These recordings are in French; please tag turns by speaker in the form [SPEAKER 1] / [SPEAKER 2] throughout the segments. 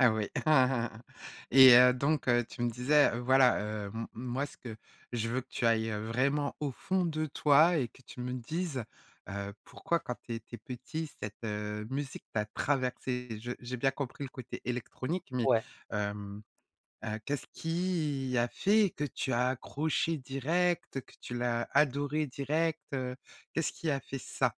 [SPEAKER 1] Ah oui, et heu, donc heu, tu me disais, voilà, heu, m moi, ce que je veux que tu ailles, heu, vraiment, au fond de toi et que tu me dises, heu: «Pourquoi quand tu étais petit, cette, heu, musique, t'a traversé?» Je j'ai bien compris le côté électronique, mais
[SPEAKER 2] Ouais.
[SPEAKER 1] hem, heu, qu'est-ce qui a fait que tu as accroché direct, que tu l'as adoré direct, heu, qu'est-ce qui a fait ça?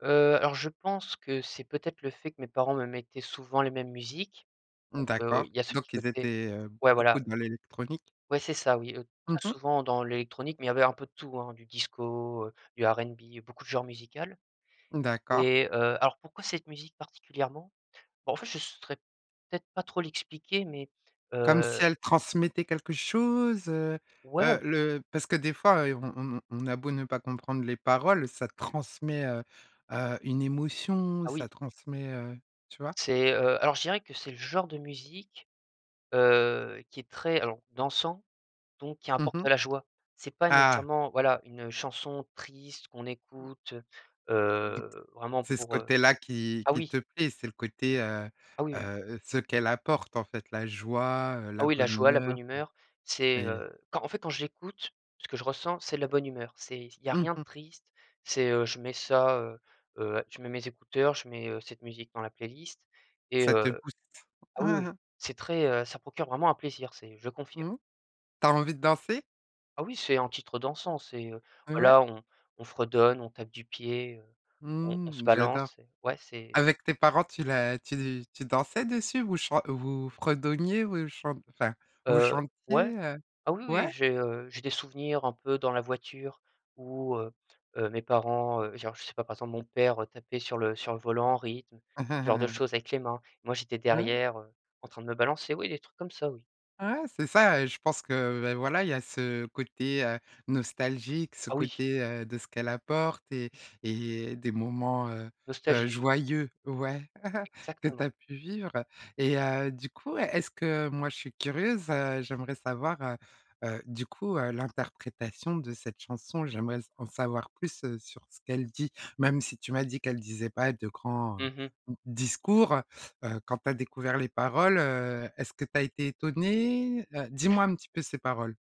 [SPEAKER 2] Heu, alors je pense que c'est peut-être le fait que mes parents me mettaient souvent les mêmes musiques,
[SPEAKER 1] Mmh.
[SPEAKER 2] donc heu,
[SPEAKER 1] D'accord,
[SPEAKER 2] il y a ce petit
[SPEAKER 1] donc ils
[SPEAKER 2] côté
[SPEAKER 1] étaient, heu,
[SPEAKER 2] ouais,
[SPEAKER 1] beaucoup
[SPEAKER 2] voilà.
[SPEAKER 1] dans l'électronique?
[SPEAKER 2] Ouais, c'est ça, oui, heu,
[SPEAKER 1] Mmh
[SPEAKER 2] très
[SPEAKER 1] mh.
[SPEAKER 2] souvent dans l'électronique, mais ils avaient un peu de tout, hein, du disco, du RnB, beaucoup de genres musicals
[SPEAKER 1] Mmh, d'accord.
[SPEAKER 2] et heu, alors pourquoi cette musique, particulièrement? Bon, en fait, je saurais peut-être pas trop l'expliquer mais
[SPEAKER 1] Comme
[SPEAKER 2] heu
[SPEAKER 1] si elle transmettait quelque chose, heu?
[SPEAKER 2] Ouais, on
[SPEAKER 1] Heu, le parce que des fois, et on on on a beau ne pas comprendre les paroles, ça transmet, heu heu, une émotion,
[SPEAKER 2] Ah oui.
[SPEAKER 1] ça transmet, heu, tu vois?
[SPEAKER 2] C'est, heu, alors je dirais que c'est le genre de musique, heu, qui est très alors dansant, donc qui
[SPEAKER 1] Mmh
[SPEAKER 2] apporte
[SPEAKER 1] mh.
[SPEAKER 2] de la joie. C'est pas
[SPEAKER 1] Ah!
[SPEAKER 2] nécessairement voilà, une chanson triste qu'on écoute, heu
[SPEAKER 1] Donc
[SPEAKER 2] heu, vraiment
[SPEAKER 1] c'est ce
[SPEAKER 2] pour, heu
[SPEAKER 1] côté-là qui
[SPEAKER 2] ah
[SPEAKER 1] qui
[SPEAKER 2] oui!
[SPEAKER 1] te plaît, c'est le côté, heu
[SPEAKER 2] Ah oui, oui!
[SPEAKER 1] heu, ce qu'elle apporte, en fait, la joie, heu,
[SPEAKER 2] Ah
[SPEAKER 1] la
[SPEAKER 2] oui, la
[SPEAKER 1] bonne
[SPEAKER 2] joie, la bonne
[SPEAKER 1] humeur,
[SPEAKER 2] humeur,
[SPEAKER 1] heu,
[SPEAKER 2] c'est,
[SPEAKER 1] et
[SPEAKER 2] heu quand en fait, quand j'écoute ce que je ressens c'est de la bonne humeur. C'est il y a
[SPEAKER 1] Mmh
[SPEAKER 2] rien de
[SPEAKER 1] mh.
[SPEAKER 2] triste, c'est, heu, je mets ça, heu heu, je mets mes écouteurs, je mets, heu, cette musique dans la playlist et
[SPEAKER 1] Ça te
[SPEAKER 2] heu
[SPEAKER 1] booste.
[SPEAKER 2] ah oui, oui c'est très, heu, ça procure vraiment un plaisir c'est je confirme.
[SPEAKER 1] Mmh. Tu as envie de danser?
[SPEAKER 2] Ah oui, c'est un titre dansant c'est, heu,
[SPEAKER 1] Heu, ouais.
[SPEAKER 2] voilà, on on fredonne, on tape du pied, heu, on on se
[SPEAKER 1] Mmh, j'adore.
[SPEAKER 2] balance et ouais, c'est
[SPEAKER 1] Avec tes parents, tu la tu tu dansais dessus, vous chan vous fredonniez ou chant enfin, vous
[SPEAKER 2] Heu, ouais,
[SPEAKER 1] chantiez, heu
[SPEAKER 2] ah oui, oui,
[SPEAKER 1] ouais.
[SPEAKER 2] j'ai, heu, j'ai des souvenirs un peu dans la voiture où, heu heu, mes parents, heu genre, je sais pas, par exemple, mon père tapait sur le sur le volant en rythme, ce genre de choses avec les mains et moi, j'étais
[SPEAKER 1] Mmh.
[SPEAKER 2] derrière, heu, en train de me balancer oui, des trucs comme ça, oui.
[SPEAKER 1] Ouais, c'est ça et je pense que, beh, voilà, il y a ce côté, heu, nostalgique, ce
[SPEAKER 2] Ah oui!
[SPEAKER 1] côté, heu, de ce qu'elle apporte et et des moments, heu heu,
[SPEAKER 2] Nostagie, oui.
[SPEAKER 1] joyeux, ouais, que tu
[SPEAKER 2] Exactement.
[SPEAKER 1] as pu vivre, et heu, du coup, est est-ce que moi, je suis curieuse, heu, j'aimerais savoir, heu heu, du coup, heu, l'interprétation de cette chanson, j'aimerais s en savoir plus, heu, sur ce qu'elle dit, même si tu m'as dit qu'elle disait pas de grands, heu, d
[SPEAKER 2] Mmh mh.
[SPEAKER 1] discours, heu heu, quand tu as découvert les paroles, heu, est-ce que tu as été étonné? Heu, dis-moi un petit peu ces paroles.